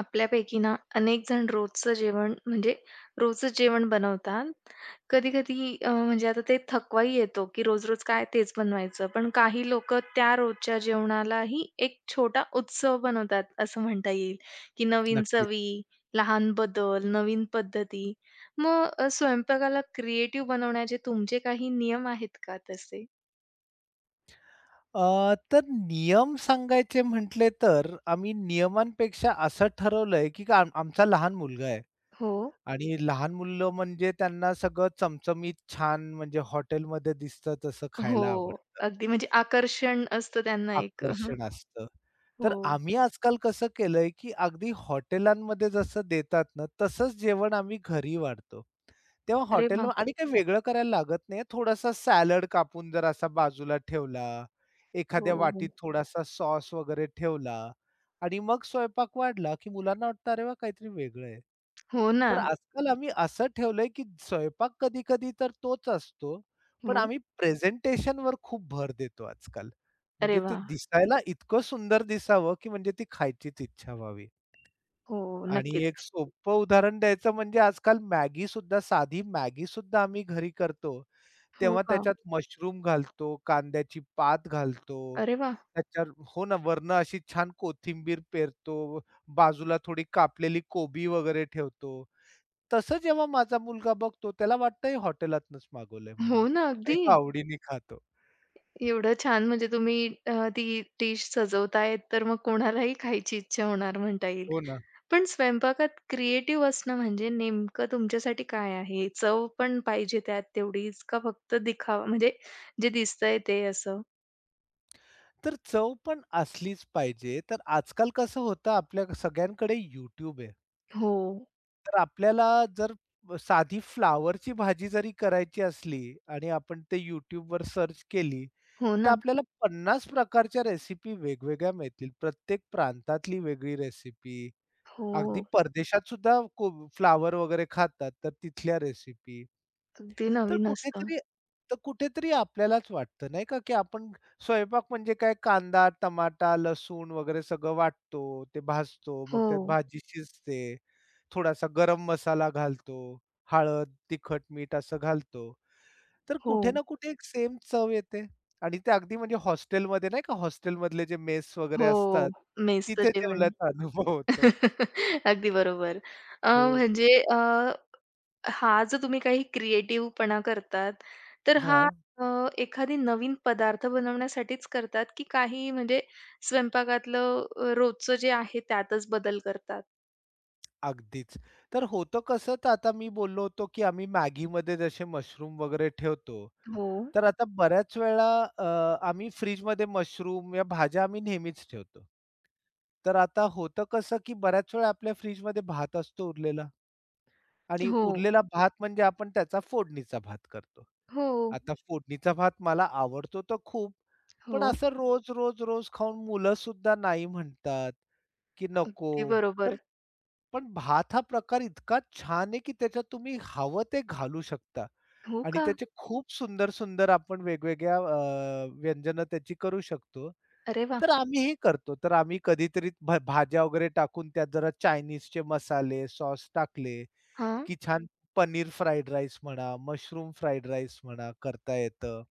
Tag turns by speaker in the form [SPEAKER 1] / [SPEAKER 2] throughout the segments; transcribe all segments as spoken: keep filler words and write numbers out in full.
[SPEAKER 1] आपल्यापैकी ना अनेकजण रोजचं जेवण म्हणजे रोजचं जेवण बनवतात. कधी-कधी अ, म्हणजे आता ते थकवाही येतो की रोज-रोज काय तेच बनवायचं, पण काही लोकं त्या रोजच्या जेवणालाही एक छोटा उत्सव बनवतात असं म्हणता येईल, की नवीन
[SPEAKER 2] नक्कीच.
[SPEAKER 1] चवी, लहान बदल, नवीन पद्धती. मग स्वयंपाकाला क्रिएटिव्ह बनवण्याचे तुमचे काही नियम आहेत का तसे?
[SPEAKER 2] अ, तर नियम सांगायचे म्हटले तर आम्ही नियमांपेक्षा असं ठरवलंय की [unintelligible] आमचा लहान मुलगा आहे
[SPEAKER 1] हो.
[SPEAKER 2] आणि लहान मुलं म्हणजे त्यांना सगळं चमचमीत छान म्हणजे हॉटेलमध्ये दिसतं तसं खायला
[SPEAKER 1] हो,
[SPEAKER 2] आवडतं.
[SPEAKER 1] अगदी म्हणजे आकर्षण असतं त्यांना एक हं.
[SPEAKER 2] आकर्षण असतं. तर
[SPEAKER 1] हो..
[SPEAKER 2] आम्ही आजकाल कसं केलंय की अगदी हॉटेलांमध्ये जसं देतात ना तसंच जेवण आम्ही घरी वाढतो. तेव्हा
[SPEAKER 1] अरे
[SPEAKER 2] हॉटेल
[SPEAKER 1] वाह!
[SPEAKER 2] आणि काही वेगळं करायला लागत नाही. थोडासा सलाद कापून जर असा बाजूला ठेवला, एखाद्या
[SPEAKER 1] हो,
[SPEAKER 2] वाटीत
[SPEAKER 1] हो.
[SPEAKER 2] थोडासा सॉस वगैरे ठेवला आणि मग स्वयंपाक वाढला की मुलांना वाटतं, अरे, वा! काहीतरी वेगळं आहे.
[SPEAKER 1] हो ना.
[SPEAKER 2] तर आजकाल आम्ही असं ठेवलंय की स्वयंपाक कधी-कधी तर तोच असतो. पण
[SPEAKER 1] हो.
[SPEAKER 2] आम्ही प्रेझेंटेशनवर खूप भर देतो आजकाल.
[SPEAKER 1] अरे
[SPEAKER 2] म्हणजे ते
[SPEAKER 1] वाह!
[SPEAKER 2] दिसायला इतकं सुंदर दिसावं की म्हणजे ती खायचीच इच्छा व्हावी.
[SPEAKER 1] हो,
[SPEAKER 2] आणि
[SPEAKER 1] नक्कीच.
[SPEAKER 2] एक सोपं उदाहरण द्यायचं म्हणजे आजकाल MAGGI सुद्धा साधी MAGGI सुद्धा आम्ही घरी करतो.
[SPEAKER 1] हो
[SPEAKER 2] तेव्हा
[SPEAKER 1] का?
[SPEAKER 2] त्याच्यात मशरूम घालतो, कांद्याची पात घालतो,
[SPEAKER 1] अरे वाह!
[SPEAKER 2] त्याच्यात हो ना. वरनं अशी छान कोथिंबीर पेरतो, बाजूला थोडी कापलेली कोबी वगैरे ठेवतो. तसं जेव्हा माझा मुलगा बघतो त्याला वाटत हे हॉटेलातनच मागवलंय म्हणून
[SPEAKER 1] हो ना.
[SPEAKER 2] आणि तो
[SPEAKER 1] अगदी.
[SPEAKER 2] आवडीने खातो.
[SPEAKER 1] एवढं छान म्हणजे तुम्ही अ, ती डिश सजवताय तर मग कोणालाही खायची इच्छा होणार म्हणता येईल.
[SPEAKER 2] हो ना.
[SPEAKER 1] पण स्वयंपाकात क्रिएटिव्ह असणं म्हणजे नेमकं तुमच्यासाठी काय आहे? चव पण पाहिजे त्यात तेवढीच का फक्त दिखावा म्हणजे जे दिसतंय ते असं?
[SPEAKER 2] तर चव पण असलीच पाहिजे तर आजकाल कसं होतं आपल्या सगळ्यांकडे YouTube आहे.
[SPEAKER 1] हो.
[SPEAKER 2] तर आपल्याला जर, साधी फ्लॉवरची भाजी जरी करायची असली आणि आपण ते YouTubeवर सर्च केली.
[SPEAKER 1] हो
[SPEAKER 2] तर
[SPEAKER 1] ना.
[SPEAKER 2] आपल्याला पन्नास प्रकारच्या रेसिपी वेगवेगळ्या मिळतील, प्रत्येक प्रांतातली वेगळी रेसिपी. अगदी
[SPEAKER 1] हो.
[SPEAKER 2] परदेशातसुद्धा कोब फ्लॉवर वगैरे खातात तर तिथल्या रेसिपी.
[SPEAKER 1] अगदी
[SPEAKER 2] तर
[SPEAKER 1] नवीन असतं.
[SPEAKER 2] कुठेतरी तर कुठेतरी आपल्यालाच वाटतं नाही का, की आपण स्वयंपाक म्हणजे काय कांदा, टमाटा, लसूण वगैरे सगळं वाटतो, ते भाजतो, मग त्यात
[SPEAKER 1] हो.
[SPEAKER 2] भाजी शिजते. थोडासा गरम मसाला घालतो, हळद, तिखट, मीठ असं घालतो. तर कुठे
[SPEAKER 1] हो.
[SPEAKER 2] ना कुठे एक सेम चव येते आणि ते अगदी म्हणजे हॉस्टेलमध्ये नाही का हॉस्टेलमधले जे मेस वगैरे असतात
[SPEAKER 1] हो मेसचं
[SPEAKER 2] तिथे
[SPEAKER 1] जेवण.
[SPEAKER 2] जेवल्याचा अनुभव होतो.
[SPEAKER 1] अगदी बरोबर. अ,
[SPEAKER 2] हो.
[SPEAKER 1] म्हणजे अ, हा जो तुम्ही काही क्रिएटिव्हपणा करतात, तर हा
[SPEAKER 2] हां.
[SPEAKER 1] अ, एखादी नवीन पदार्थ बनवण्यासाठीच करतात, की काही म्हणजे स्वयंपाकातलं रोजचं जे आहे त्यातच बदल करतात?
[SPEAKER 2] अगदीच तर होतं कसं, तर आता मी बोललो होतो की आम्ही MAGGIमध्ये जसे मशरूम वगैरे ठेवतो.
[SPEAKER 1] हो.
[SPEAKER 2] तर आता बऱ्याच वेळा अ, आम्ही फ्रिजमध्ये मशरूम या भाज्या आम्ही नेहमीच ठेवतो. तर आता होतं कसं की बऱ्याच वेळा आपल्या फ्रिजमध्ये भात असतो उरलेला आणि
[SPEAKER 1] हो.
[SPEAKER 2] उरलेला भात म्हणजे आपण त्याचा फोडणीचा भात करतो.
[SPEAKER 1] हो.
[SPEAKER 2] आता फोडणीचा भात मला आवडतो तर खूप पण
[SPEAKER 1] हो.
[SPEAKER 2] असं. रोज, रोज, रोज खाऊन मुलं सुद्धा नाही म्हणतात की नको.
[SPEAKER 1] अगदी
[SPEAKER 2] तर
[SPEAKER 1] बरोबर.
[SPEAKER 2] पण भात हा प्रकार इतका छान आहे, की त्याच्यात तुम्ही हवं ते घालू शकता.
[SPEAKER 1] हो,
[SPEAKER 2] आणि
[SPEAKER 1] का?
[SPEAKER 2] त्याचे खूप सुंदर-सुंदर आपण वेगवेगळ्या अ, व्यंजन त्याची करू शकतो.
[SPEAKER 1] अरे, वाह!
[SPEAKER 2] तर आम्ही ही करतो. तर आम्ही कधीतरी भा भाज्या वगैरे टाकून, त्या जरा चाइनीजचे मसाले, सॉस टाकले.
[SPEAKER 1] हां.
[SPEAKER 2] की छान पनीर फ्राईड राईस म्हणा, मशरूम फ्राईड राईस म्हणा करता येतं.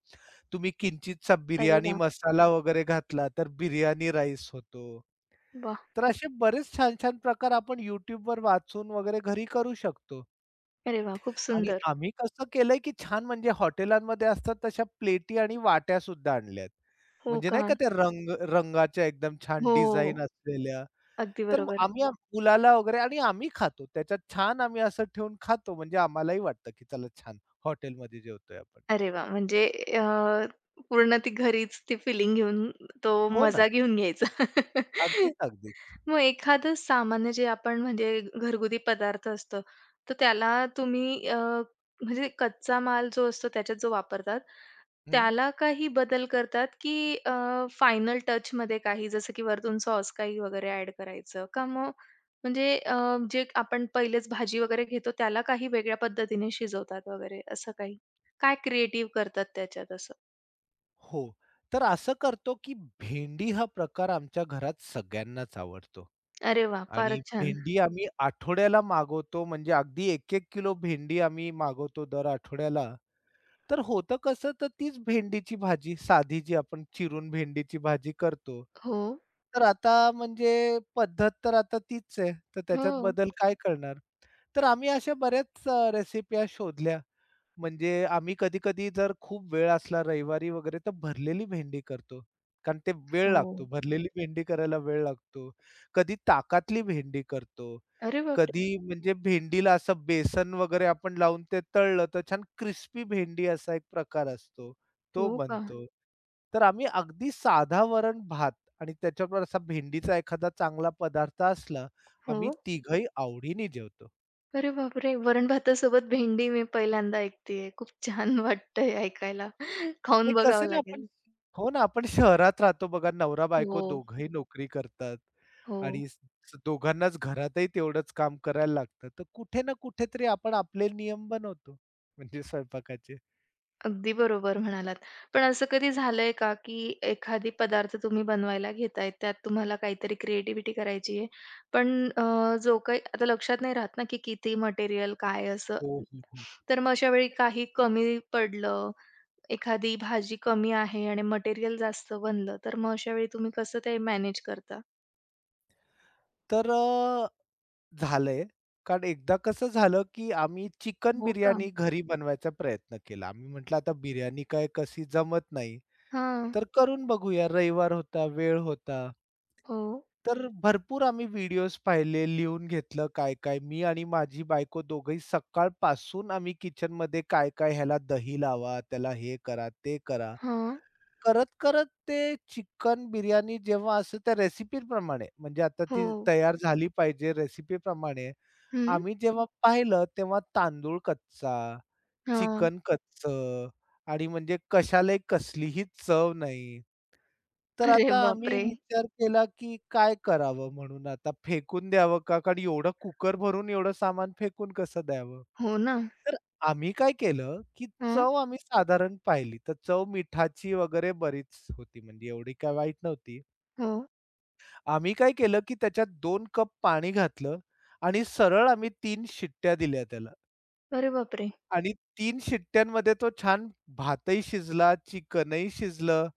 [SPEAKER 2] तुम्ही किंचितसा
[SPEAKER 1] अरे,
[SPEAKER 2] बिर्याणी
[SPEAKER 1] वाह!
[SPEAKER 2] मसाला वगैरे घातला, तर बिर्याणी राईस होतो.
[SPEAKER 1] वाह!
[SPEAKER 2] तर असे बरेच छान-छान प्रकार आपण YouTube वर वाचून वगैरे घरी करू शकतो.
[SPEAKER 1] अरे वाह! खूप
[SPEAKER 2] आणि
[SPEAKER 1] सुंदर.
[SPEAKER 2] आम्ही कसं केलंय, की छान म्हणजे हॉटेलमध्ये असतात तशा प्लेटी आणि वाट्या सुद्धा आणल्यात.
[SPEAKER 1] हो,
[SPEAKER 2] म्हणजे
[SPEAKER 1] का?
[SPEAKER 2] नाही का ते रंग रंगाच्या, एकदम छान
[SPEAKER 1] हो,
[SPEAKER 2] डिझाइन असलेल्या.
[SPEAKER 1] अगदी
[SPEAKER 2] तर मग
[SPEAKER 1] बरोबर.
[SPEAKER 2] आम्ही मुलाला वगैरे आणि आम्ही खातो त्याच्यात. छान आम्ही असं ठेवून खातो, म्हणजे आम्हालाही वाटतं, की चला, छान हॉटेलमध्ये जेवतोय आपण.
[SPEAKER 1] अरे, वा! म्हणजे अ, पूर्ण ती घरीच ती फिलिंग घेऊन, तो
[SPEAKER 2] हो, ना.
[SPEAKER 1] मजा घेऊन घ्यायचा.
[SPEAKER 2] अगदीच, अगदीच.
[SPEAKER 1] मग एखादं सामान्य जे आपण म्हणजे घरगुती पदार्थ असतो, तर त्याला तुम्ही अ, म्हणजे कच्चा माल जो असतो, त्याच्यात जो वापरतात.
[SPEAKER 2] हं.
[SPEAKER 1] त्याला काही बदल करतात की अ, फायनल टचमध्ये काही, जसं की वरतून सॉस काही वगैरे ॲड करायचं का मग म्हणजे अ, जे आपण पहिलेच भाजी वगैरे घेतो, त्याला काही वेगळ्या पद्धतीने शिजवतात वगैरे असं काही काय क्रिएटिव्ह करतात त्याच्यात असं?
[SPEAKER 2] हो. तर असं करतो की भेंडी हा प्रकार आमच्या घरात सगळ्यांनाच आवडतो.
[SPEAKER 1] अरे वाह!
[SPEAKER 2] आणि
[SPEAKER 1] फारच छान.
[SPEAKER 2] भेंडी आम्ही आठवड्याला मागवतो म्हणजे अगदी एक एक किलो भेंडी आम्ही मागवतो दर आठवड्याला. तर होतं कसं तर तीच भेंडीची भाजी साधी जी आपण चिरून भेंडीची भाजी करतो.
[SPEAKER 1] हो.
[SPEAKER 2] तर आता म्हणजे पद्धत तर आता तीच आहे. तर त्याच्यात
[SPEAKER 1] हो.
[SPEAKER 2] बदल काय करणार? तर आम्ही अशा बऱ्याच रेसिपी ह्या शोधल्या. म्हणजे आम्ही कधी-कधी जर खूप वेळ असला रविवारी वगैरे तर भरलेली भेंडी करतो. कारण ते वेळ लागतो
[SPEAKER 1] हो.
[SPEAKER 2] भरलेली भेंडी करायला वेळ लागतो. कधी ताकतली भेंडी करतो,
[SPEAKER 1] अरे बापरे!
[SPEAKER 2] कधी म्हणजे भेंडीला असं बेसन वगैरे आपण लावून ते तळल तर छान क्रिस्पी भेंडी असा एक प्रकार असतो, तो
[SPEAKER 1] हो का?
[SPEAKER 2] बनतो. तर आम्ही अगदी साधा वरण-भात आणि त्याच्याबरोबर असा भेंडीचा एखादा चांगला पदार्थ असला, आम्ही
[SPEAKER 1] हो.
[SPEAKER 2] तिघंही आवडीने जेवतो.
[SPEAKER 1] अरे बापरे! वरण-भातासोबत भेंडी मी पहिल्यांदा ऐकतेय. खूप छान वाटतंय ऐकायला,
[SPEAKER 2] नाही,
[SPEAKER 1] खाऊन बघावं
[SPEAKER 2] कसं ना आपण
[SPEAKER 1] लागेल.
[SPEAKER 2] हो ना आपण शहरात राहतो बघा नवरा-बायको
[SPEAKER 1] हो.
[SPEAKER 2] दोघंही नोकरी करतात
[SPEAKER 1] हो.
[SPEAKER 2] आणि दोघांनाच घरातही तेवढंच काम करायला लागतं. तर कुठे ना कुठेतरी आपण आपले नियम बनवतो, म्हणजे स्वयंपाकाचे.
[SPEAKER 1] अगदी बरोबर म्हणालात. पण असं कधी झालंय का, की एखादी पदार्थ तुम्ही बनवायला घेताय, त्यात तुम्हाला काहीतरी क्रिएटिव्हिटी करायची आहे, पण अ, जो काही आता लक्षात नाही राहत ना, की किती मटेरिअल काय असं.
[SPEAKER 2] हो, हो, हो.
[SPEAKER 1] तर मग अशा वेळी काही कमी पडलं, एखादी भाजी कमी आहे आणि मटेरिअल जास्त बनलं, तर मग अशावेळी तुम्ही कसं ते मॅनेज करता?
[SPEAKER 2] तर अ, झालंय कारण एकदा कसं झालं, की आम्ही चिकन
[SPEAKER 1] हो का?
[SPEAKER 2] बिर्याणी घरी बनवायचा प्रयत्न केला. आम्ही म्हटलं, आता बिर्याणी काय, कशी जमत नाही,
[SPEAKER 1] हां.
[SPEAKER 2] तर करून बघूया. रविवार होता, वेळ होता.
[SPEAKER 1] हो.
[SPEAKER 2] तर भरपूर आम्ही व्हिडिओज पाहिले, लिहून घेतलं काय काय. मी आणि माझी बायको दोघेही सकाळपासून आम्ही किचनमध्ये काय-काय, ह्याला दही लावा, त्याला हे करा, ते करा.
[SPEAKER 1] हां.
[SPEAKER 2] करत करत ते चिकन बिर्याणी, जेव्हा असं त्या रेसिपीप्रमाणे म्हणजे आता ती
[SPEAKER 1] हो.
[SPEAKER 2] तयार झाली पाहिजे रेसिपीप्रमाणे.
[SPEAKER 1] हं.
[SPEAKER 2] आम्ही जेव्हा पाहिलं, तेव्हा तांदूळ कच्चा,
[SPEAKER 1] हां.
[SPEAKER 2] चिकन कच्चं आणि म्हणजे. कशालाही कसलीही चव नाही. तर
[SPEAKER 1] अरे,
[SPEAKER 2] आता आम्ही
[SPEAKER 1] बापरे!
[SPEAKER 2] विचार केला, की काय करावं म्हणून. आता फेकून द्यावं का कारण एवढं कुकर भरून एवढं सामान फेकून कसं द्यावं,
[SPEAKER 1] हो ना.
[SPEAKER 2] तर आम्ही काय केलं, की
[SPEAKER 1] हं.
[SPEAKER 2] चव आम्ही साधारण पाहिली, तर चव मिठाची वगैरे बरीच होती. म्हणजे एवढी काय वाईट नव्हती.
[SPEAKER 1] हां.
[SPEAKER 2] आम्ही काय केलं, की त्याच्यात दोन कप पाणी घातलं आणि सरळ आम्ही तीन शिट्ट्या दिल्या त्याला.
[SPEAKER 1] अरे बापरे!
[SPEAKER 2] आणि तीन शिट्ट्यांमध्ये तो छान भातही शिजला, चिकन ही शिजलं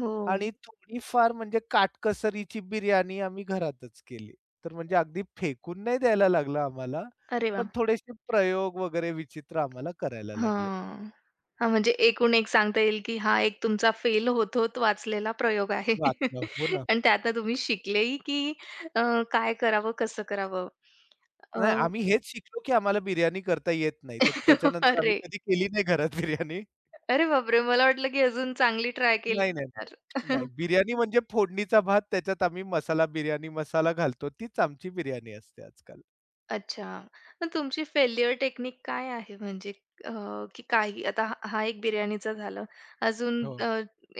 [SPEAKER 1] हो.
[SPEAKER 2] आणि थोडीफार, म्हणजे काटकसरीची बिर्याणी आम्ही घरातच केली. तर म्हणजे अगदी फेकून नाही द्यायला लागलं आम्हाला
[SPEAKER 1] अरे
[SPEAKER 2] पण
[SPEAKER 1] वाह!
[SPEAKER 2] थोडेशे प्रयोग वगैरे विचित्र आम्हाला करायला लागले.
[SPEAKER 1] हां, हां म्हणजे एकूण-एक सांगता येईल, की हा एक तुमचा फेल होत होत वाचलेला प्रयोग आहे.
[SPEAKER 2] वाचलं. हो ना.
[SPEAKER 1] आणि त्यात तुम्ही शिकले ही की अ, काय करावं, कसं करावं? अ
[SPEAKER 2] नाही. आम्ही हेच शिकलो की आम्हाला बिर्याणी करता येत नाही. तर त्याच्यानंतर आम्ही
[SPEAKER 1] अरे!
[SPEAKER 2] कधी केली नाही घरात बिर्याणी.
[SPEAKER 1] अरे बापरे! मला वाटलं, की अजून चांगली ट्राय केली
[SPEAKER 2] नाही, नाही,
[SPEAKER 1] असणार.
[SPEAKER 2] नाही, नाही. बिर्याणी म्हणजे फोडणीचा भात त्याच्यात आम्ही मसाला बिर्याणी मसाला घालतो तीच आमची बिर्याणी असते आजकाल.
[SPEAKER 1] अच्छा मग तुमची फेल्युर टेक्निक काय आहे? म्हणजे अ, की काय, आता हा एक बिर्याणीचा झालं. अजून
[SPEAKER 2] हो.
[SPEAKER 1] अ,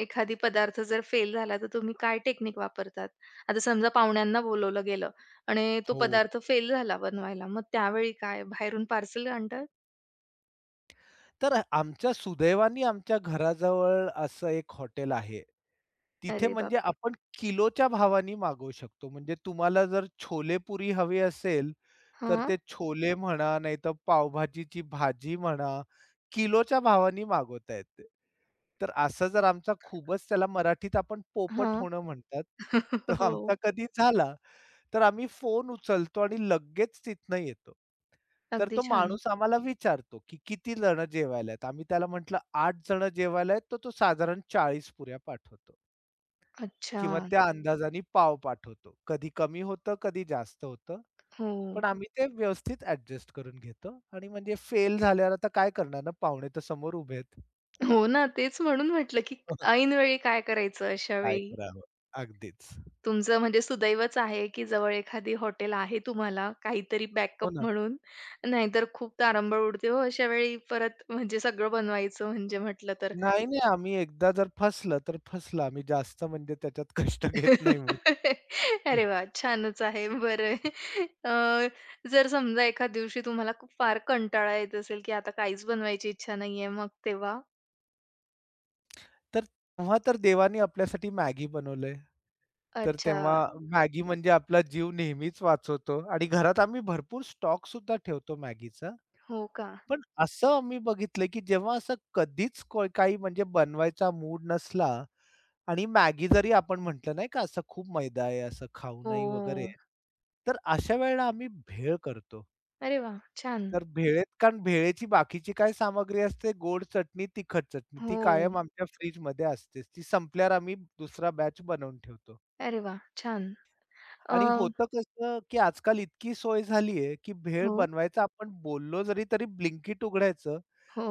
[SPEAKER 1] एखादा पदार्थ जर फेल झाला, तर तुम्ही काय टेक्निक वापरतात? आता समजा पाहुण्यांना बोलावलं गेलं आणि तो
[SPEAKER 2] हो.
[SPEAKER 1] पदार्थ फेल झाला बनवायला मग त्यावेळी काय बाहेरून पार्सल आणता?
[SPEAKER 2] तर आमच्या सुदैवानी, आमच्या घराजवळ असं एक हॉटेल आहे. तिथे
[SPEAKER 1] अरे
[SPEAKER 2] म्हणजे
[SPEAKER 1] बापरे!
[SPEAKER 2] आपण किलोच्या भावानी मागवू शकतो. म्हणजे तुम्हाला जर छोले पुरी हवी असेल, तर
[SPEAKER 1] हां.
[SPEAKER 2] ते छोले म्हणा, नाहीतर पावभाजीची भाजी म्हणा, किलोच्या भावानी मागवता येते. तर असं जर आमचा खूपच, त्याला मराठीत आपण पोपट
[SPEAKER 1] हां,
[SPEAKER 2] होणं म्हणतात, तर
[SPEAKER 1] हो.
[SPEAKER 2] आमचा कधी झाला तर आम्ही फोन उचलतो आणि लगेच तिथनं येतो. तर
[SPEAKER 1] अगदी
[SPEAKER 2] तो
[SPEAKER 1] छान.
[SPEAKER 2] माणूस आम्हाला विचारतो, की कितीजण जेवायला आहेत. आम्ही त्याला म्हटलं आठ जण जेवायला आहेत, तर तो साधारण चाळीस पुऱ्या पाठवतो.
[SPEAKER 1] अच्छा.
[SPEAKER 2] किंवा त्या अंदाजाने पाव पाठवतो. कधी कमी होतं, कधी जास्त होतं, पण
[SPEAKER 1] हो.
[SPEAKER 2] आम्ही ते व्यवस्थित ॲडजस्ट करून घेतो. आणि म्हणजे फेल झाल्यावर आता काय करणार ना पाहुणे तर समोर उभे आहेत.
[SPEAKER 1] हो ना, तेच म्हणून म्हटलं की ऐनवेळी काय करायचं अशा
[SPEAKER 2] काय
[SPEAKER 1] वेळी?
[SPEAKER 2] करावं? अगदीच.
[SPEAKER 1] तुमचं म्हणजे सुदैवच आहे की जवळ एखादी हॉटेल आहे, तुम्हाला काहीतरी
[SPEAKER 2] हो,
[SPEAKER 1] बॅकअप
[SPEAKER 2] ना.
[SPEAKER 1] म्हणून. नाहीतर खूप तारांबळ उडते हो, अशावेळी परत म्हणजे सगळं बनवायचं म्हणजे म्हटलं तर.
[SPEAKER 2] नाही, नाही. आम्ही एकदा जर फसलं, तर फसलं. आम्ही जास्त म्हणजे त्याच्यात कष्ट घेत नाही मग
[SPEAKER 1] अरे
[SPEAKER 2] हं.
[SPEAKER 1] वाह! छानच आहे. बरं अ, जर समजा एखाद दिवशी तुम्हाला खूप फार कंटाळा येत असेल की आता काहीच बनवायची इच्छा नाहीये मग तेव्हा?
[SPEAKER 2] तर तेव्हा तर देवाने आपल्यासाठी मॅगी बनवलंय, तर तेव्हा
[SPEAKER 1] अच्छा.
[SPEAKER 2] मॅगी म्हणजे आपला जीव नेहमीच वाचवतो आणि घरात आम्ही भरपूर स्टॉकसुद्धा ठेवतो मॅगीचा,
[SPEAKER 1] हो का?
[SPEAKER 2] पण असं आम्ही बघितलं, की जेव्हा असं कधीच काही म्हणजे बनवायचा मूड नसला आणि मॅगी जरी आपण म्हंटलं, नाही का असं खूप मैदा आहे, असं खाऊ
[SPEAKER 1] हो,
[SPEAKER 2] नाही वगैरे,
[SPEAKER 1] हो.
[SPEAKER 2] तर अशा वेळेला आम्ही भेळ करतो.
[SPEAKER 1] अरे वाह! छान.
[SPEAKER 2] तर भेळेत कारण भेळेची बाकीची काय सामग्री असते, गोड चटणी, तिखट चटणी ती कायम
[SPEAKER 1] हो.
[SPEAKER 2] आमच्या फ्रिजमध्ये असते. ती संपल्यावर आम्ही दुसरा बॅच बनवून ठेवतो.
[SPEAKER 1] अरे वाह! छान. अ
[SPEAKER 2] आणि होतं कसं, की आजकाल इतकी सोय झालीये, की भेळ
[SPEAKER 1] हो.
[SPEAKER 2] बनवायचा आपण बोललो जरी, तरी ब्लिंकीट उघडायचं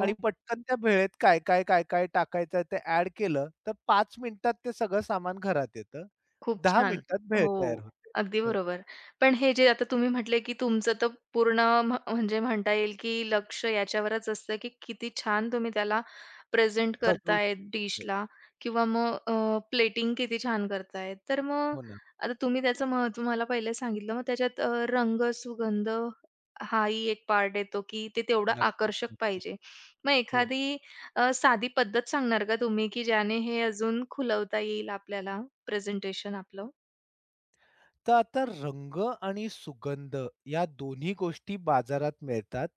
[SPEAKER 2] आणि पटकन त्या भेळेत काय, काय, काय, काय टाकायचं आहे ते ॲड केलं, तर पाच मिनिटात ते सगळं सामान घरात येतं.
[SPEAKER 1] खूप
[SPEAKER 2] दहा
[SPEAKER 1] छान.
[SPEAKER 2] मिनिटात भेळ तयार
[SPEAKER 1] हो,
[SPEAKER 2] होते.
[SPEAKER 1] अगदी
[SPEAKER 2] हो.
[SPEAKER 1] बरोबर. पण हे जे आता तुम्ही म्हंटले, की तुमचं तर पूर्ण म्ह म्हणजे म्हणता येईल, की लक्ष याच्यावरच असतं, की किती छान तुम्ही त्याला प्रेझेंट
[SPEAKER 2] सजवू
[SPEAKER 1] करताय
[SPEAKER 2] शकतो. हो.
[SPEAKER 1] डिशला किंवा मग अ, प्लेटिंग किती छान करताय. तर मग
[SPEAKER 2] हो ना.
[SPEAKER 1] आता तुम्ही त्याचं महत्व मला पहिले सांगितलं. मग त्याच्यात अ, रंग, सुगंध हाही एक पार्ट येतो, की ते तेवढं
[SPEAKER 2] नक्कीच,
[SPEAKER 1] आकर्षक
[SPEAKER 2] नक्कीच.
[SPEAKER 1] पाहिजे. मग
[SPEAKER 2] हो.
[SPEAKER 1] एखादी अ, साधी पद्धत सांगणार का तुम्ही, की ज्याने हे अजून खुलवता येईल आपल्याला प्रेझेंटेशन आपलं?
[SPEAKER 2] तर आता रंग आणि सुगंध या दोन्ही गोष्टी बाजारात मिळतात.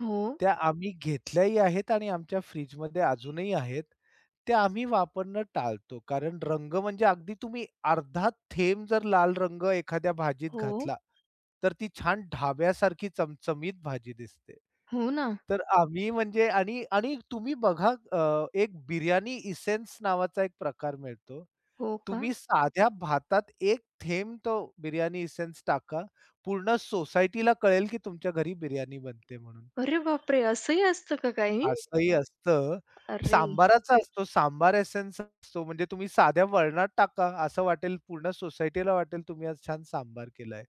[SPEAKER 1] हो.
[SPEAKER 2] त्या आम्ही घेतल्याही आहेत आणि आमच्या फ्रिजमध्ये अजूनही आहेत. त्या आम्ही वापरणं टाळतो कारण रंग म्हणजे अगदी तुम्ही अर्धा थेंब जर लाल रंग एखाद्या भाजीत
[SPEAKER 1] हो.
[SPEAKER 2] घातला तर ती छान ढाब्यासारखी चमचमीत भाजी दिसते.
[SPEAKER 1] हो ना.
[SPEAKER 2] तर आम्ही म्हणजे आणि आणि तुम्ही बघा अ, एक बिर्याणी एसेन्स नावाचा एक प्रकार मिळतो.
[SPEAKER 1] हो का?
[SPEAKER 2] तुम्ही साध्या भातात एक थेंब तो बिर्याणी एसेन्स टाका. पूर्ण सोसायटीला कळेल की तुमच्या घरी बिर्याणी बनते म्हणून.
[SPEAKER 1] अरे, बापरे, असंही असतं का काही?
[SPEAKER 2] असंही असतं
[SPEAKER 1] अरे!
[SPEAKER 2] सांबाराचा असतो सांबार एसेन्स असतो म्हणजे तुम्ही साध्या वरणात टाका असं वाटेल पूर्ण सोसायटीला वाटेल तुम्ही आज छान सांबार केलाय.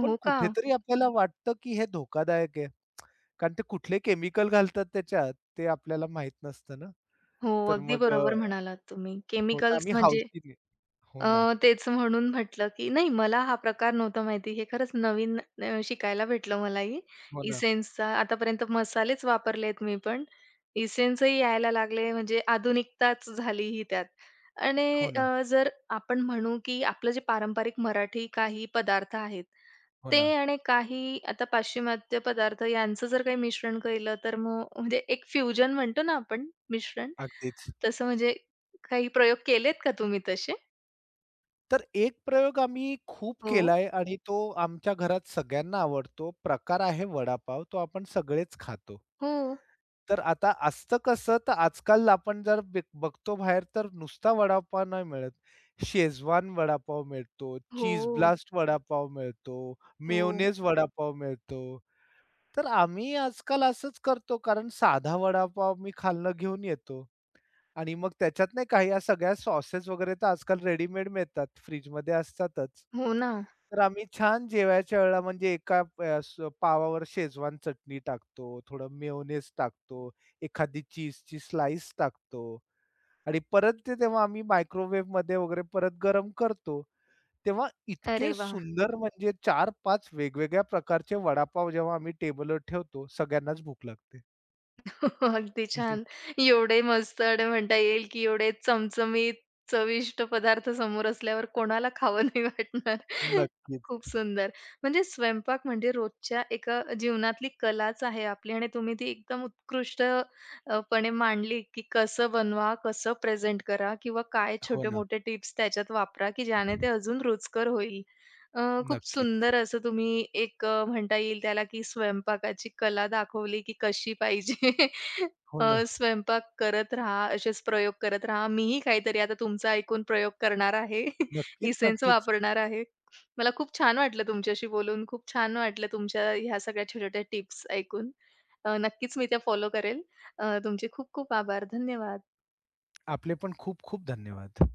[SPEAKER 2] पण
[SPEAKER 1] का?
[SPEAKER 2] कुठेतरी आपल्याला वाटतं, की हे धोकादायक आहे. कारण ते कुठले केमिकल घालतात त्याच्यात ते आपल्याला माहित नसतं ना
[SPEAKER 1] हो,
[SPEAKER 2] तर
[SPEAKER 1] अगदी
[SPEAKER 2] मग अ
[SPEAKER 1] बरोबर म्हणालात तुम्ही
[SPEAKER 2] हो तर
[SPEAKER 1] केमिकल्स
[SPEAKER 2] आम्ही
[SPEAKER 1] म्हणजे
[SPEAKER 2] हौशीने
[SPEAKER 1] अ,
[SPEAKER 2] हो ना.
[SPEAKER 1] तेच म्हणून म्हटलं, की नाही मला हा प्रकार नव्हता माहिती, हे खरंच नवीन न शिकायला भेटलं मलाही
[SPEAKER 2] हो, ना
[SPEAKER 1] एसेन्सचा आतापर्यंत मसालेच वापरलेत मी पण. एसेन्सही यायला लागले म्हणजे आधुनिकताच झाली ही त्यात आणि
[SPEAKER 2] हो, ना.
[SPEAKER 1] अ, जर आपण म्हणू, की आपलं जे पारंपरिक मराठी काही पदार्थ आहेत
[SPEAKER 2] हो,
[SPEAKER 1] ते
[SPEAKER 2] ना.
[SPEAKER 1] आणि काही आता पाश्चिमात्य पदार्थ यांचं जर काही मिश्रण केलं तर मग म्हणजे एक फ्युजन म्हणतो ना आपण मिश्रण
[SPEAKER 2] अगदीच.
[SPEAKER 1] तसं म्हणजे काही प्रयोग केलेत का तुम्ही तसे?
[SPEAKER 2] तर एक प्रयोग आम्ही खूप
[SPEAKER 1] हो.
[SPEAKER 2] केलाय आणि तो आमच्या घरात सगळ्यांना आवडतो. प्रकार आहे वडापाव. तो आपण सगळेच खातो.
[SPEAKER 1] हो.
[SPEAKER 2] तर आता असतं कसं तर आजकाल आपण जर बघ बघतो बाहेर तर नुसता वडापाव नाही मिळत, शेजवान वडापाव मिळतो, चीज
[SPEAKER 1] हो.
[SPEAKER 2] ब्लास्ट वडापाव मिळतो,
[SPEAKER 1] हो.
[SPEAKER 2] मेयोनेज वडापाव मिळतो. तर आम्ही आजकाल असंच करतो कारण साधा वडापाव मी खालनं घेऊन येतो आणि मग त्याच्यात नाही काही या सगळ्या सॉसेस वगैरे तर आजकाल रेडीमेड मिळतात, फ्रिजमध्ये असतातच.
[SPEAKER 1] हो ना.
[SPEAKER 2] तर आम्ही छान जेवायच्या वेळेला म्हणजे एका अ, पावावर शेजवान चटणी टाकतो, थोडं मेयोनेज टाकतो, एखादी चीजची स्लाइस टाकतो आणि परत ते तेव्हा आम्ही मायक्रोवेव्हमध्ये वगैरे परत गरम करतो, तेव्हा इतके
[SPEAKER 1] अरे वाह!
[SPEAKER 2] सुंदर म्हणजे चार पाच वेगवेगळ्या प्रकारचे वडापाव जेव्हा आम्ही टेबलवर ठेवतो, सगळ्यांनाच भूक लागते.
[SPEAKER 1] अगदी,
[SPEAKER 2] हं, हं.
[SPEAKER 1] छान, एवढे मस्त आणि म्हणता येईल, की एवढे चमचमीत चविष्ट पदार्थ समोर असल्यावर कोणाला खावं नाही वाटणार.
[SPEAKER 2] नक्कीच.
[SPEAKER 1] खूप सुंदर म्हणजे स्वयंपाक म्हणजे रोजच्या एका जीवनातली कलाच आहे आपली आणि तुम्ही ती एकदम उत्कृष्ट अ, पणे मांडली, की कसं बनवा, कसं प्रेझेंट करा किंवा काय
[SPEAKER 2] हो ना.
[SPEAKER 1] छोटे-मोठे टिप्स त्याच्यात वापरा, की ज्याने ते अजून रुचकर होईल. अ, खूप
[SPEAKER 2] नक्कीच.
[SPEAKER 1] सुंदर असं तुम्ही एक अ, म्हणता येईल त्याला, की स्वयंपाकाची कला दाखवली, की कशी पाहिजे.
[SPEAKER 2] हो ना.
[SPEAKER 1] अ, स्वयंपाक करत रहा. असेच प्रयोग करत राहा. मीही काहीतरी आता तुमचं ऐकून प्रयोग करणार आहे,
[SPEAKER 2] नक्कीच,
[SPEAKER 1] इसेन्स
[SPEAKER 2] नक्कीच.
[SPEAKER 1] वापरणार आहे. मला खूप छान वाटलं तुमच्याशी बोलून, खूप छान वाटलं तुमच्या ह्या सगळ्या छोट्या-छोट्या टिप्स ऐकून. अ, नक्कीच मी त्या फॉलो करेल. अ, तुमचे खूप-खूप आभार. धन्यवाद.
[SPEAKER 2] आपले पण खूप-खूप धन्यवाद.